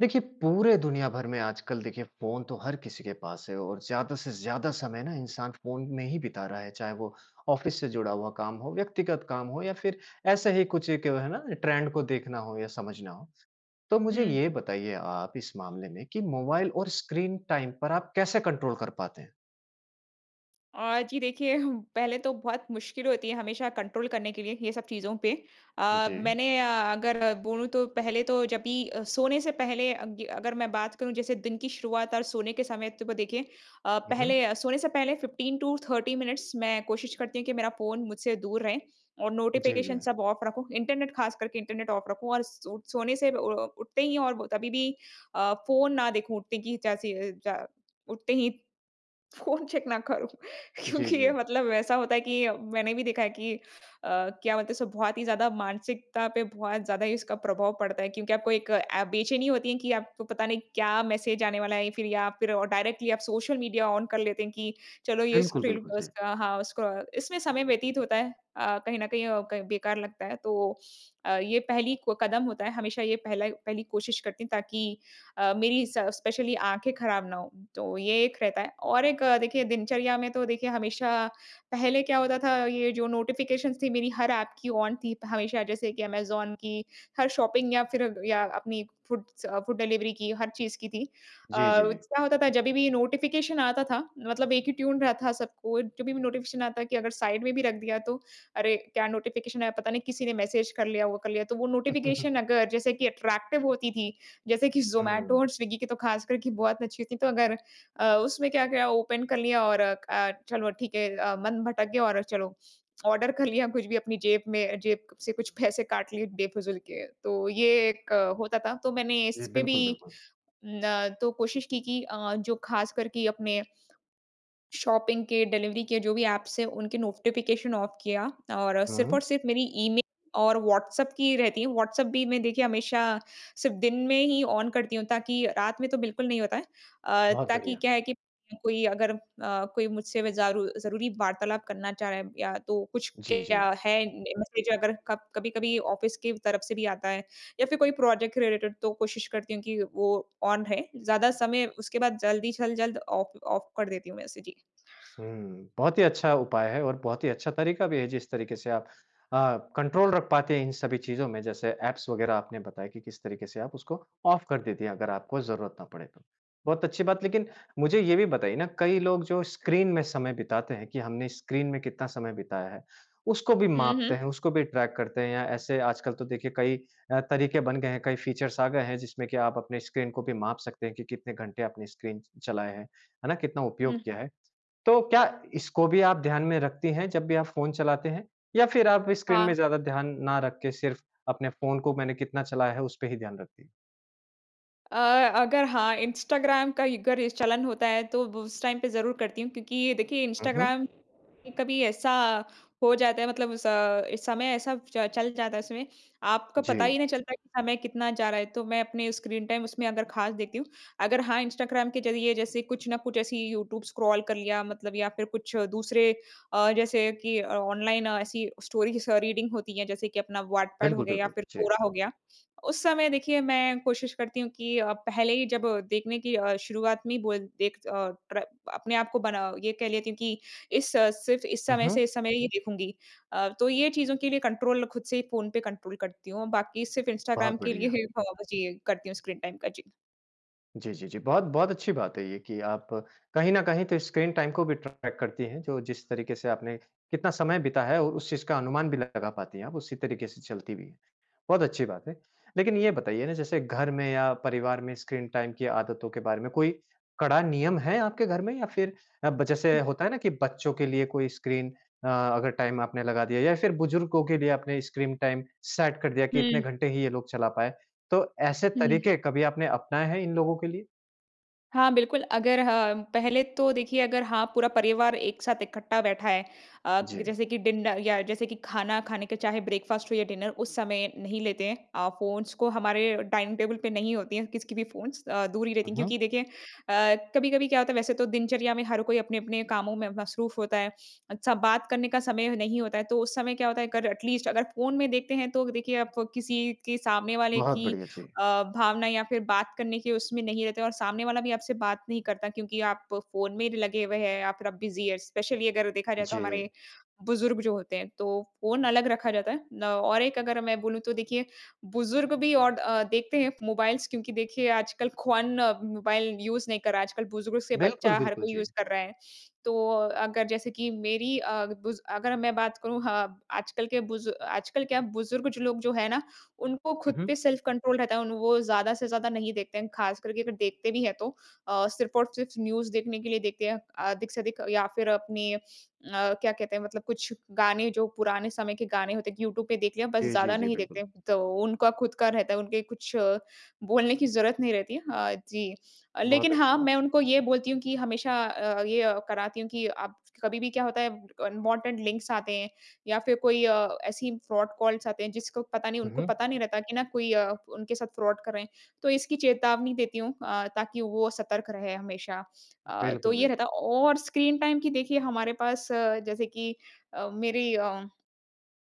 देखिए पूरे दुनिया भर में आजकल देखिए फ़ोन तो हर किसी के पास है और ज़्यादा से ज़्यादा समय ना इंसान फ़ोन में ही बिता रहा है। चाहे वो ऑफिस से जुड़ा हुआ काम हो, व्यक्तिगत काम हो या फिर ऐसे ही कुछ एक है ना ट्रेंड को देखना हो या समझना हो। तो मुझे हुँ। ये बताइए आप इस मामले में कि मोबाइल और स्क्रीन टाइम पर आप कैसे कंट्रोल कर पाते हैं? अ, जी देखिए हु पहले तो बहुत मुश्किल होती है हमेशा कंट्रोल करने के लिए ये सब चीज़ों पे। अ, जी। मैंने अ, अगर बोलूँ तो पहले तो जब भी अ, सोने से पहले अग अगर मैं बात करूँ जैसे दिन की शुरुआत और सोने के समय तो को देखिए अ, हुँ, हुँ। पहले अ, सोने से पहले 15 टू 30 मिनिट्स मैं कोशिश करती हूँ कि मेरा फ़ोन मुझसे दूर रहे और जी, नोटिफिकेशन जी। सब ऑफ रखूँ। इंटरनेट, खास करके इंटरनेट ऑफ रखूँ। और स सोने से उ अ, उठते ही और कभी भी अ, फ़ोन ना देखूँ। उठने की जैसे ही जा उठते ही फ़ोन चेक ना करूँ। जी, क्योंकि ये जी। मतलब वैसा होता है कि मैंने भी देखा है कि अ, क्या मतलब इसको बहुत ही ज़्यादा मानसिकता पे बहुत ज़्यादा ही इसका प्रभाव पड़ता है। क्योंकि आपको एक ऐ बेचैनी होती है कि आपको पता नहीं क्या मैसेज आने वाला है फिर या फिर डायरेक्टली आप सोशल मीडिया ऑन कर लेते हैं कि चलो ये बिल्कुल, स्क्रीन बिल्कुल। जी। उसका हाँ, उसको इसमें समय व्यतीत होता है। अ, कहीं न कहीं अ, क बेकार लगता है। तो अ, ये पहली क कदम होता है। हमेशा ये पहला पहली कोशिश करती हूँ ताकि अ, मेरी स स्पेशली आँखें खराब ना हों। तो ये एक रहता है। और एक अ, देखिए दिनचर्या में तो देखिए हमेशा पहले क्या होता था ये जो नोटिफिकेशंस थी मेरी हर ऐप की ऑन थी हमेशा। जैसे कि Amazon की, हर शॉपिंग ऐप या फिर या अपनी फूडस अ, फूड डिलिवरी की हर चीज़ की थी। अ, जी, जी, जी। क्या होता था जभी भी नोटिफिकेशन आता था, मतलब एक ही ट्यून रहा था सबको। जब भी भी नोटिफिकेशन आता कि अगर साइड में भी रख दिया तो। अरे! क्या नोटिफिकेशन आया पता नहीं, किसी ने मैसेज कर लिया, वो कर लिया। तो वो नोटिफिकेशन अगर जैसे कि अट्रैक्टिव होती थी जैसे कि ज़ोमेटो हुँ। और स्विगी की तो खास कर की बहुत अच्छी थी। तो अगर अ, उसमें क्या-क्या ओपन कर लिया और क अ, चलो ठीक है अ, मन भटक गया और चलो ऑर्डर कर लिया कुछ भी। अपनी जेब में जेब से कुछ पैसे काट लिए बेफिज़ूल के। तो ये एक होता था। तो मैंने जी, इस पे भी बिल्कुल, बिल्कुल। न तो कोशिश की कि अ, जो खास करके अपने शॉपिंग के डिलिवरी के जो भी एप्स हैं उनके नोटिफिकेशन ऑफ किया और सिर्फ़ हुँ। और सिर्फ़ मेरी ईमेल और व्हाट्सएप की रहती है। व्हाट्सएप भी मैं देखिए हमेशा सिर्फ़ दिन में ही ऑन करती हूँ ताकि रात में तो बिल्कुल नहीं होता है। अ, बहुत ताकि बढ़िया। क्या है कि कोई अगर अ, कोई मुझसे व ज़ारू ज़रूरी वार्तालाप करना चाह रहा है या तो कुछ जी, क्या जी। है न इस बीच अगर कब कभी-कभी ऑफिस की तरफ से भी आता है या फिर कोई प्रोजेक्ट के रिलेटेड तो कोशिश करती हूँ कि वो ऑन रहे। ज़्यादा समय उसके बाद जल्दी जल्द जल्द ऑफ़ ऑफ़ कर देती हूँ मैं उसे। जी। हुँ। बहुत ही अच्छा उपाय है और बहुत ही अच्छा तरीका भी है। जिस तरीके से आप अ, कंट्रोल रख पाते हैं इन सभी चीज़ों में। जैसे एप्स वगैरह आपने बताया कि किस तरीके से आप उसको ऑफ़ कर देती हैं अगर आपको ज़रूरत ना पड़े तो। बहुत अच्छी बात लेकिन मुझे ये भी बताइए ना कई लोग जो स्क्रीन में समय बिताते हैं कि हमने स्क्रीन में कितना समय बिताया है, उसको भी हुँ, मापते हुँ। हैं। उसको भी ट्रैक करते हैं। ऐसे आजकल तो देखिए कई अ, तरीके बन गए हैं कई फ़ीचर्स आ गए हैं जिसमें कि आप अपने स्क्रीन को भी माप सकते हैं कि कितने घंटे आपने स्क्रीन चलाया है। है ना? कितना उपयोग हुँ। किया है। तो क्या इसको भी आप ध्यान में रखती हैं जब भी आप फ़ोन चलाते हैं? या फिर आप स्क्रीन हाँ। में ज़्यादा ध्यान ना रख के सिर्फ़ अपने फ़ोन को मैंने कितना चलाया है उसपे ही ध्यान रखती हैं? अ, अगर हाँ इंस्टाग्राम कई का अगर चलन होता है तो उस टाइम पे ज़रूर करती हूँ क्योंकि देखिए हुँ, हुँ। इंस्टाग्राम कभी ऐसा हो जाता है मतलब अ, समय ऐसा च चल जाता है इसमें आपको पता ही जी। नहीं चलता कि समय कितना जा रहा है तो मैं अपने स्क्रीन टाइम उसमें अगर खास देखती हूँ अगर हाँ इंस्टाग्राम के ज़रिए जैसे कुछ ना कुछ ऐसी यूट्यूब स्क्रॉल कर लिया मतलब या फ़िर कुछ दूसरे अ, जैसे कि ऑनलाइन ऐसी स्टोरीज़ अ, रीडिंग होती है जैसे कि अपना व्हाट पेड हो बिल्कुल, गया या बिल्कुल फ़िर जी। क्वोरा हो गया। उस समय देखिए मैं कोशिश करती हूँ कि अ, पहले ही जब देखने की अ, शुरुआत में ही बोल देख अ, प्र अपने आपको बना ये कह लेती हूँ कि इस सिर्फ़ इस हुँ, समय हुँ। से इस समय ये देखूँगी। अ, तो ये चीज़ों के लिए कंट्रोल ख़ुद से ही फ़ोन पे कंट्रोल करती हूँ। बाकी सिर्फ़ इंस्टाग्राम बहुत के लिए बढ़िया। ही हो जी करती हूँ स्क्रीन टाइम का जी। जी, जी, जी, बहुत बहुत अच्छी बात है ये कि आप कहीं न कहीं तो इस स्क्रीन टाइम को भी ट्रैक करती हैं जो जिस तरीके से आपने कितना समय बिताया और उस चीज़ का अनुमान भी लगा पाती हैं। आप उसी तरीके से चलती भी हैं। बहुत अच्छी बात है। लेकिन ये बताइए ना जैसे घर में या परिवार में स्क्रीन टाइम की आदतों के बारे में कोई कड़ा नियम है आपके घर में या फ़िर अब जैसे हुँ। होता है ना कि बच्चों के लिए कोई स्क्रीन अ, अगर टाइम आपने लगा दिया या फ़िर बुजुर्गों के लिए आपने स्क्रीन टाइम सेट कर दिया कि इतने हुँ। घंटे ही ये लोग चला पाए। तो ऐसे हुँ, हुँ। तरीके कभी आपने अपनाए हैं इन लोगों के लिए? हाँ, बिल्कुल अगर ह पहले तो देखिए अगर हाँ, पूरा परिवार एक साथ इकट्ठा बैठा है। अ, जी। जैसे कि डिन अ, या जैसे कि खाना खाने के चाहे ब्रेकफ़ास्ट हो या डिनर उस समय नहीं लेते हैं। अ, फ़ोन्स को हमारे डाइनिंग टेबल पे नहीं होती है किसी की भी फ़ोन्स अ, दूर ही रहती हुँ, हैं। हुँ। क्योंकि देखिए अ, कभी-कभी क्या होता है वैसे तो दिनचर्या में हर कोई अपने-अपने कामों में मसरूफ़ होता है। अच्छा, बात करने का समय नहीं होता है तो उस समय क्या होता है अगर एटलीस्ट अगर फ़ोन में देखते हैं। तो देखिए आप किसी के सामने वाले बहुत की बढ़िया। जी। अ, भावना या फिर बात करने के उसमें नहीं रहते और सामने वाला भी आपसे बात नहीं करता क्योंकि आप फ़ोन में लगे हुए हैं या फिर आप बिज़ी है स्पेशली अगर देखा जाए तो हमारे जी। बुज़ुर्ग जो होते हैं तो फ़ोन अलग रखा जाता है। ल और एक अगर मैं बोलूँ तो देखिए बुज़ुर्ग भी और अ, देखते हैं मोबाइल्स क्योंकि देखिए आजकल ख्वान मोबाइल यूज़ नहीं कर रहा है। आजकल बुज़ुर्ग से बिल्कुल, बच्चा हर बिल्कुल, कोई यूज़ जी। कर रहा है। तो अगर जैसे कि मेरी अ, बुज़ अगर मैं बात करूँ ह आजकल के बुज़ु आजकल क्या बुज़ुर्ग जो लोग जो है ना उनको खुद हुँ, हुँ। पे सेल्फ-कंट्रोल रहता है। उन वो ज़्यादा से ज़्यादा नहीं देखते हैं। खासकर के अगर देखते भी हैं तो अ, सिर्फ़ और सिर्फ़ न्यूज़ देखने के लिए देखते हैं। अधिक से अधिक या फिर अपनी अ, क्या कहते हैं मतलब कुछ गाने जो पुराने समय के गाने होते हैं कि यूट्यूब पे देख लिया बस जी, जी, ज़्यादा जी, नहीं देखते। बिल्कुल। तो उनका खुद का रहता है उनके कुछ बोलने की ज़रूरत नहीं रहती है, हाँ जी। बहुत लेकिन अच्छी हाँ, बात। मैं उनको ये बोलती हूँ कि हमेशा अ अ, ये कराती हूँ कि आप कभी भी क्या होता है अनवांटेड लिंक्स आते हैं या फिर कोई अ, ऐसी फ्रॉड कॉल्स आते हैं जिसको पता नहीं हुँ, उनको हुँ। पता नहीं रहता कि ना कोई अ, उनके साथ फ्रॉड कर रहे हैं तो इसकी चेतावनी देती हूँ अ, ताकि वो सतर्क रहे हमेशा। अ, तो बिल्कुल, ये रहता बिल्कुल। है और स्क्रीन टाइम की देखिए हमारे पास जैसे कि अ, मेरी अ,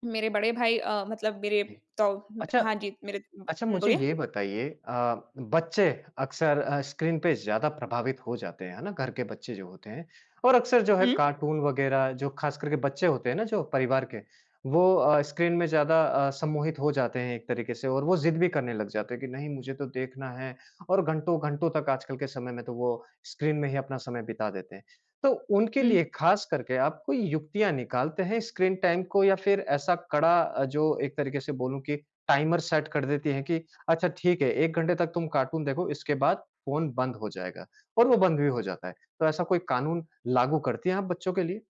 मेरे बड़े भाई अ, मतलब मेरे इ तो अच्छा, हाँ जी, मेरे हुँ, अच्छा मुझे ये बोलिए? बताइए अ, बच्चे अक्सर अ, स्क्रीन पे ज़्यादा प्रभावित हो जाते हैं, है ना? घर के बच्चे जो होते हैं। और अक्सर जो है हुँ। कार्टून वगैरह जो खासकर के बच्चे होते हैं ना जो परिवार के, वो अ, स्क्रीन में ज़्यादा अ, सम्मोहित हो जाते हैं एक तरीके से और वो ज़िद भी करने लग जाते हैं कि नहीं मुझे तो देखना है और घंटो घंटो तक आजकल के समय में तो वो स्क्रीन में ही अपना समय बिता देते हैं। तो उनके लिए हुँ। खासकर के आप कोई युक्तियाँ निकालते हैं स्क्रीन टाइम को या फिर ऐसा कड़ा अ, जो एक तरीके से बोलूँ कि टाइमर सेट कर देती हैं कि अच्छा ठीक है, 1 घंटे तक तुम कार्टून देखो इसके बाद फ़ोन बंद हो जाएगा और वो बंद भी हो जाता है। तो ऐसा कोई कानून लागू करती हैं आप बच्चों के लिए?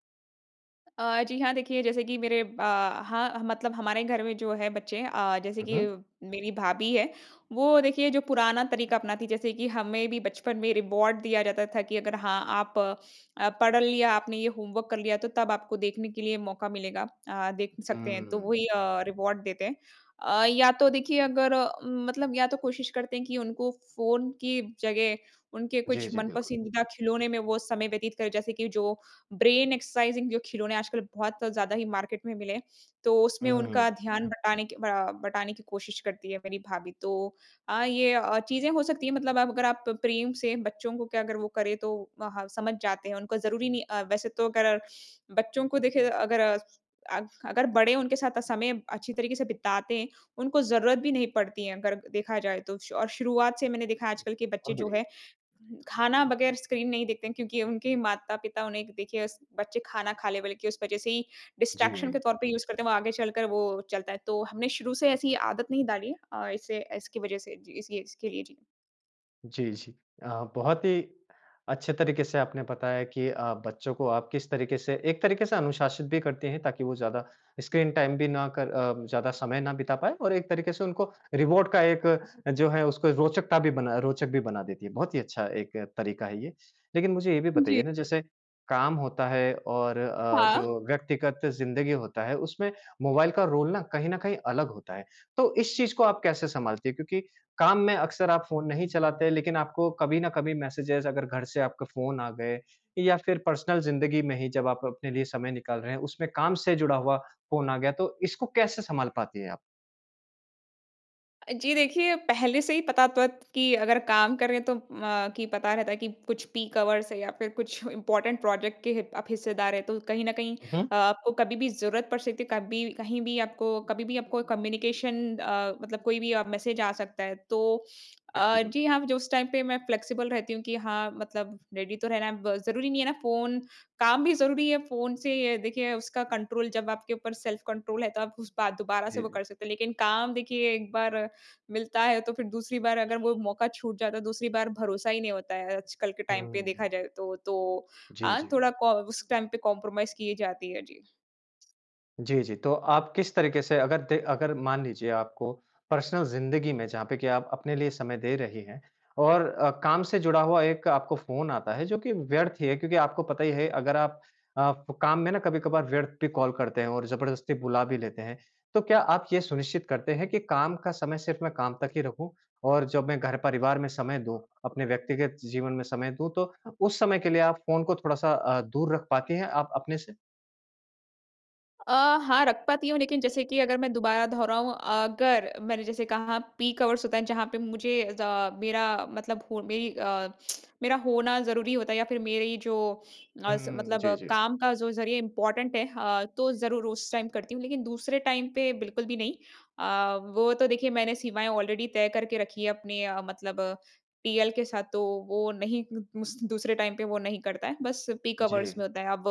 अ, जी, हाँ। देखिए जैसे कि मेरे ब हाँ, मतलब हमारे घर में जो है बच्चे अ, जैसे हुँ, कि हुँ। मेरी भाभी है, वो देखिए जो पुराना तरीका अपनाती जैसे कि हमें भी बचपन में रिवार्ड दिया जाता था कि अगर हाँ, आप अ, पढ़ लिया आपने या होमवर्क कर लिया तो तब आपको देखने के लिए मौका मिलेगा। अ, देख सकते हैं, तो हुँ। वही अ, रिवार्ड देते हैं। अ, या तो देखिए अगर म मतलब या तो कोशिश करते हैं कि उनको फ़ोन की जगह उनके कुछ जी, जी। बिल्कुल। मन-पसंदीदा खिलौने में वो समय व्यतीत करें। जैसे कि जो ब्रेन एक्सरसाइज़िंग जो खिलौने आजकल बहुत ज़्यादा ही मार्केट में मिले हैं। तो उसमें हुँ। उनका ध्यान बटाने क अ, बटाने की कोशिश करती है मेरी भाभी। तो अ, ये अ, चीज़ें हो सकती है। मतलब आप अगर आप प्रेम से बच्चों को क्या अगर वो करें तो हाँ, समझ जाते हैं। उनको ज़रूरी नहीं अ, वैसे तो अगर बच्चों को देखिए अगर अग अगर बड़े उनके साथ समय अच्छी तरीके से बिताते हैं, उनको ज़रूरत भी नहीं पड़ती है, अगर देखा जाए तो। और शुरुआत से मैंने देखा है आजकल के बच्चे बहुत जो बढ़िया। है खाना बगैर स्क्रीन नहीं देखते हैं क्योंकि उनके माता-पिता उन्हें देखिए स बच्चे खाना खा लें बोले कि उस वज़ह से ही डिस्ट्रैक्शन के जी। तौर पे ही यूज़ करते हैं। वो आगे चलकर वो चलता है। तो हमे शुरू से ऐसी आदत नहीं डालिए, अ, इससे इसकी वज़ह से जी। इस इसके लिए। जी। जी, जी। अ, बहुत ही अच्छे तरीके से आपने बताया कि अ, बच्चों को आप किस तरीके से एक तरीके से अनुशासित भी करते हैं, ताकि वो ज़्यादा स्क्रीन टाइम भी ना कर अ, ज़्यादा समय ना बिता पाएँ और एक तरीके से उनको रिवॉर्ड का एक जो है, उसको रोचकता भी बनाए रोचक भी बना देती है। बहुत ही अच्छा एक तरीका है ये। लेकिन मुझे ये भी जी। बताइए ना, जैसे काम होता है और अ, हाँ। जो व्यक्तिगत ज़िंदगी होता है, उसमें मोबाइल का रोल ना कहीं न कहीं अलग होता है, तो इस चीज़ को आप कैसे संभालते हैं? क्योंकि काम में अक्सर आप फ़ोन नहीं चलाते, लेकिन आपको कभी न कभी मैसेजेज़, अगर घर से आपके फ़ोन आ गए या फिर पर्सनल ज़िंदगी में ही जब आप अपने लिए समय निकाल रहे हैं, उसमें काम से जुड़ा हुआ फ़ोन आ गया, तो इसको कैसे संभाल पाती हैं आप? जी, देखिए, पहले से ही पता तो है कि अगर काम करें, तो अ, कि पता रहता है कि कुछ पीक आवर्स है या फिर कुछ इम्पोर्टेंट प्रोजेक्ट के हिप आप हिस्सेदार हैं, तो कहीं न कहीं हुँ, हुँ। अ, आपको कभी भी ज़रूरत पड़ सकती है, कभी कहीं भी आपको कभी भी आपको कम्युनिकेशन अ, मतलब कोई भी अ, मैसेज आ सकता है, तो बिल्कुल, अ, जी बिल्कुल। हाँ, जो उस टाइम पे मैं फ्लेक्सिबल रहती हूँ कि हाँ, मतलब रेडी तो रहना है। अब ज़रूरी नहीं है ना फ़ोन काम भी जरूरी है फ़ोन से, ये देखिए, उसका कंट्रोल जब आपके ऊपर सेल्फ कंट्रोल है, तो आप उस बा दोबारा से जी, वो जी। कर सकते हैं। लेकिन काम देखिए एक बार मिलता है, तो फिर दूसरी बार अगर वो मौका छूट जाता है, दूसरी बार भरोसा ही नहीं होता है, आजकल के टाइम पे हुँ। देखा जाए तो। तो जी, हाँ, जी। थोड़ा कॉ उस टाइम पे कॉम्परोमाइज़ की जाती है। जी। जी, जी, तो आप किस तरीके से अगर द अगर मान लीजिए आपको पर्सनल ज़िंदगी में, जहाँ पे कि आप अपने लिए समय दे रही हैं और अ, काम से जुड़ा हुआ एक आपको फ़ोन आता है, जो कि व्यर्थ ही है। क्योंकि आपको पता ही है, अगर आप अ, काम में ना कभी-कभार व्यर्थ भी कॉल करते हैं और ज़बरदस्ती बुला भी लेते हैं। तो क्या आप यह सुनिश्चित करते हैं कि काम का समय सिर्फ मैं काम तक ही रखूँ? और जब मैं घर परिवार में समय दूँ, अपने व्यक्तिगत जीवन में समय दूँ, तो उस समय के लिए आप फ़ोन को थोड़ा-सा अ, दूर रख पाती हैं, आप अपने से? अ, हाँ, रख पाती हूँ, लेकिन जैसे कि अगर मैं दोबारा दोहराऊँ, अगर मैंने जैसे कहा, पीक आवर्स होता है, जहाँ पे मुझे ज़ मेरा मतलब हो मेरी अ, मेरा होना ज़रूरी होता है या फिर मेरी जो अस हुँ। मतलब, जी, जी। काम का जो ज़रिए इंपॉर्टेंट है अ, तो ज़रूर उस टाइम करती हूँ। लेकिन दूसरे टाइम पे बिल्कुल भी नहीं। अ, वो तो देखिए, मैंने सीमाएँ ऑलरेडी तय करके रखी हैं अपने अ, मतलब अ, टीएल के साथ। तो वो नहीं [unintelligible] दूसरे टाइम पे वो नहीं करता है। बस पीक आवर्स में जी। होता है। अब,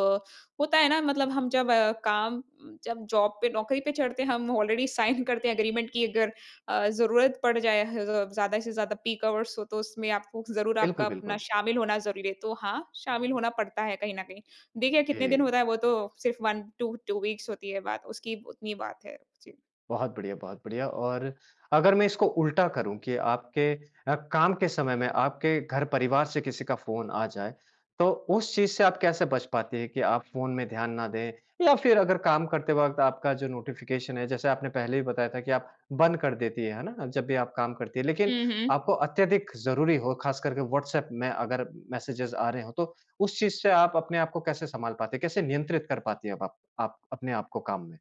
होता है ना, मतलब हम जब काम उम, जब जॉब पे, नौकरी पे चढ़ते हैं, हम ऑलरेडी साइन करते हैं एग्रीमेंट कि अगर अ, ज़रूरत पड़ जाए ह ज़ ज़्यादा से ज़्यादा पीक आवर्स हों तो, उसमें आपको ज़रूर आपका बिल्कुल, अपना बिल्कुल। शामिल होना ज़रूरी है। तो हाँ, शामिल होना पड़ता है कहीं न कहीं। देखिए, कितने दिन जी। होता है, वो तो सिर्फ़ 1 टू 2 वीक्स होती है बात, उसकी उतनी बात है। जी। बहुत बढ़िया, बहुत बढ़िया। और अगर मैं इसको उल्टा करूँ कि आपके अ, काम के समय में, आपके घर परिवार से किसी का फ़ोन आ जाए, तो उस चीज़ से आप कैसे बच पाती हैं कि आप फ़ोन में ध्यान ना दें? या फिर अगर काम करते वक़्त आपका जो नोटिफ़िकेशन है, जैसे आपने पहले भी बताया था कि आप बंद कर देती हैं, है ना? जब भी आप काम करती हैं। लेकिन हुँ, हुँ। आपको अत्यधिक ज़रूरी हो, खासकर के व्हाट्सएप में अगर मेसेजेज़ आ रहे हों, तो उस चीज़ से आप अपने आप को कैसे सँभाल पाती हैं? कैसे नियंत्रित कर पाती हैं अब आप आप अपने आप को काम में?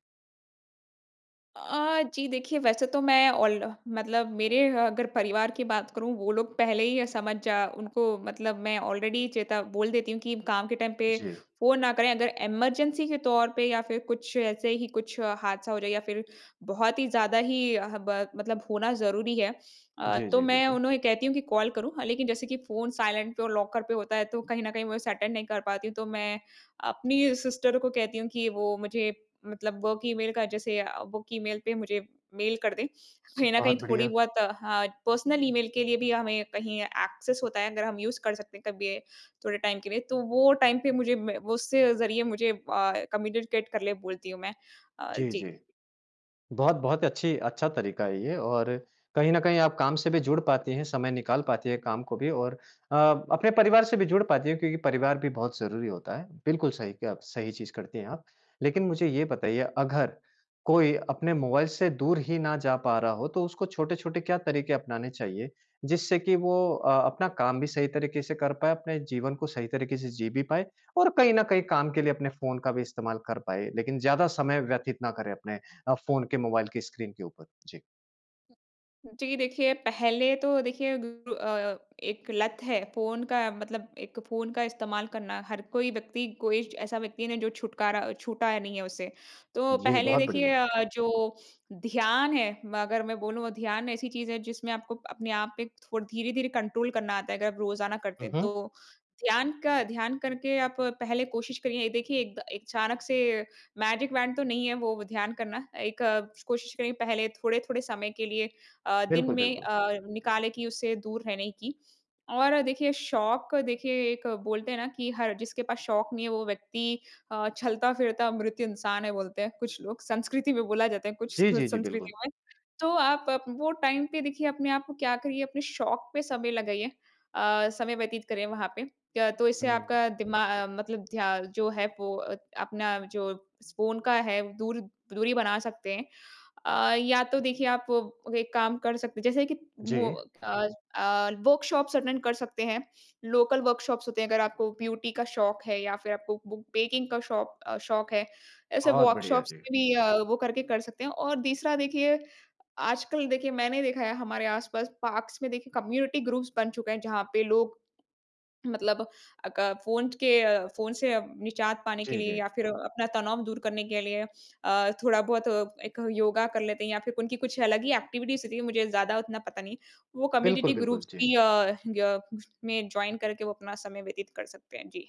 अ, जी देखिए, वैसे तो मैं ऑल मतलब मेरे अगर परिवार की बात करूँ, वो लोग पहले ही ये समझ जा उनको मतलब मैं ऑलरेडी चेता बोल देती हूँ कि काम के टाइम पे जी। फ़ोन ना करें। अगर इमरजेंसी के तौर पे या फिर कुछ ऐसे ही कुछ हादसा हो जाए या फिर बहुत ही ज़्यादा ही हब मतलब होना ज़रूरी है अ, जी, तो जी, मैं बिल्कुल। उन्हें कहती हूँ कि, "कॉल करूँ?" अ, लेकिन जैसे कि फ़ोन साइलेंट पे और लॉकर पे होता है, तो कहीं न कहीं मैं उसे अटेंड नहीं कर पाती हूँ। तो मैं अपनी सिस्टर को कहती हूँ कि वो मुझे मतलब वर्क ईमेल का जैसे अ, वर्क ईमेल पे मुझे मेल कर दे। कहीं न कहीं बहुत थोड़ी बढ़िया। बहुत अ, पर्सनल ईमेल के लिए भी हमें कहीं एक्सेस होता है, अगर हम यूज़ कर सकते हैं कभी, थोड़े टाइम के लिए। तो वो टाइम पे मुझे मैं उससे ज़रिए मुझे अ, कम्युनिकेट कर ले, बोलती हूँ मैं। अ, जी, जी। जी। बहुत बहुत अच्छी अच्छा तरीका है ये और कहीं न कहीं आप काम से भी जुड़ पाती हैं, समय निकाल पाती है काम को भी और अ, अपने परिवार से भी जुड़ पाती है क्योंकि परिवार भी बहुत ज़रूरी होता है। बिल्कुल सही किया आप सही चीज़ करती हैं आप। लेकिन मुझे ये बताइए, अगर कोई अपने मोबाइल से दूर ही ना जा पा रहा हो, तो उसको छोटे-छोटे क्या तरीके अपनाने चाहिए, जिससे कि वो अ, अपना काम भी सही तरीके से कर पाए, अपने जीवन को सही तरीके से जी भी पाए और कहीं न कहीं काम के लिए अपने फ़ोन का भी इस्तेमाल कर पाए। लेकिन ज़्यादा समय व्यतीत ना करे अपने अ, फ़ोन के, मोबाइल की स्क्रीन के ऊपर? जी। जी। देखिए पहले तो देखिए, बिल्कुल अ, एक लत है फ़ोन का मतलब एक फ़ोन का इस्तेमाल करना हर कोई व्यक्ति कोई ऐसा व्यक्ति है जो छुटकारा छूटा नहीं है उसे। तो जी। पहले बहुत देखिए बढ़िया। अ, जो ध्यान है म अगर मैं बोलूँ ध्यान ऐसी चीज़ है जिसमें आपको, अपने आप पे थोड़ धीरे-धीरे कंट्रोल करना आता है अगर आप रोज़ाना करते हुँ, हैं। हुँ। तो ध्यान का ध्यान करके आप पहले कोशिश करिए ये देखिए एक द अचानक से मैजिक वॉन्ड तो नहीं है वो ध्यान करना। एक कोशिश करिए पहले थोड़े-थोड़े समय के लिए अ, दिन बिल्कुल, में बिल्कुल। अ, निकालें कि उसे दूर रहने की। और देखिए शौक देखिए एक बोलते हैं ना कि हर जिसके पास शौक नहीं है वो व्यक्ति अ, चलता फिरता मृत्य इंसान है, बोलते हैं कुछ लोग संस्कृति में बोला जाता है कुछ जी, जी, जी। संस्कृति बिल्कुल। में। तो आप वो टाइम पे देखिए अपने आप क्या करिए अपने शौक पे समय लगाइए। अ, समय व्यतीत करें वहाँ पे। क्या तो इससे हुँ। आपका दिमा अ, मतलब ध्या जो है वो अ, अपना जो स फ़ोन का है दूर दूरी बना सकते हैं। अ, या तो देखिए आप एक काम कर सकते हैं जैसे कि वो जी। अ अ, वर्कशॉप्स अटेंड कर सकते हैं। लोकल वर्कशॉप्स होते हैं अगर आपको ब्यूटी का शौक है या फ़िर आपको बूक बेकिंग का शौक अ शौक है। ऐसे बहुत बढ़िया। वर्कशॉप्स जी। में भी वो करके कर सकते हैं और तीसरा देखिए आजकल देखिए, मैंने देखा है हमारे आस-पास पार्क्स में देखिए कम्युनिटी ग्रुप्स बन चुके हैं जहाँ पे लोग, मतलब अक फ़ोन के फ़ोन से निजात पाने के जी, लिए जी। या फ़िर अपना तनाव दूर करने के लिए अ, थोड़ा बहुत एक योगा कर लेते हैं या फ़िर उनकी कुछ अलग ही एक्टिविटीज़ क्यूँकि मुझे ज़्यादा उतना पता नहीं वो बिल्कुल, कम्युनिटी बिल्कुल। ग्रुप्स जी। भी अ, ग में जॉइन करके वो अपना समय व्यतीत कर सकते हैं। जी।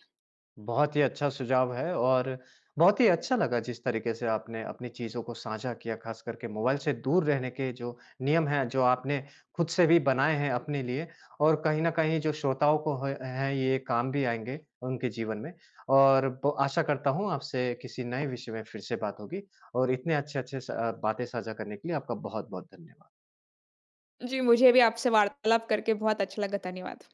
बहुत ही अच्छा सुझाव है और बहुत ही अच्छा लगा जिस तरीके से आपने अपनी चीज़ों को साझा किया। ख़ास करके मोबाइल से दूर रहने के जो नियम हैं, जो आपने ख़ुद से भी बनाए हैं अपने लिए और कहीं न कहीं जो श्रोताओं को ह है ये काम भी आएँगे उनके जीवन में। और ब आशा करता हूँ आपसे किसी नए विषय में फ़िर से बात होगी। और इतने अच्छे-अच्छे स अ, बातें साझा करने के लिए आपका बहुत-बहुत धन्यवाद। जी। मुझे भी आपसे वार्तालाप करके बहुत अच्छा लगा। धन्यवाद।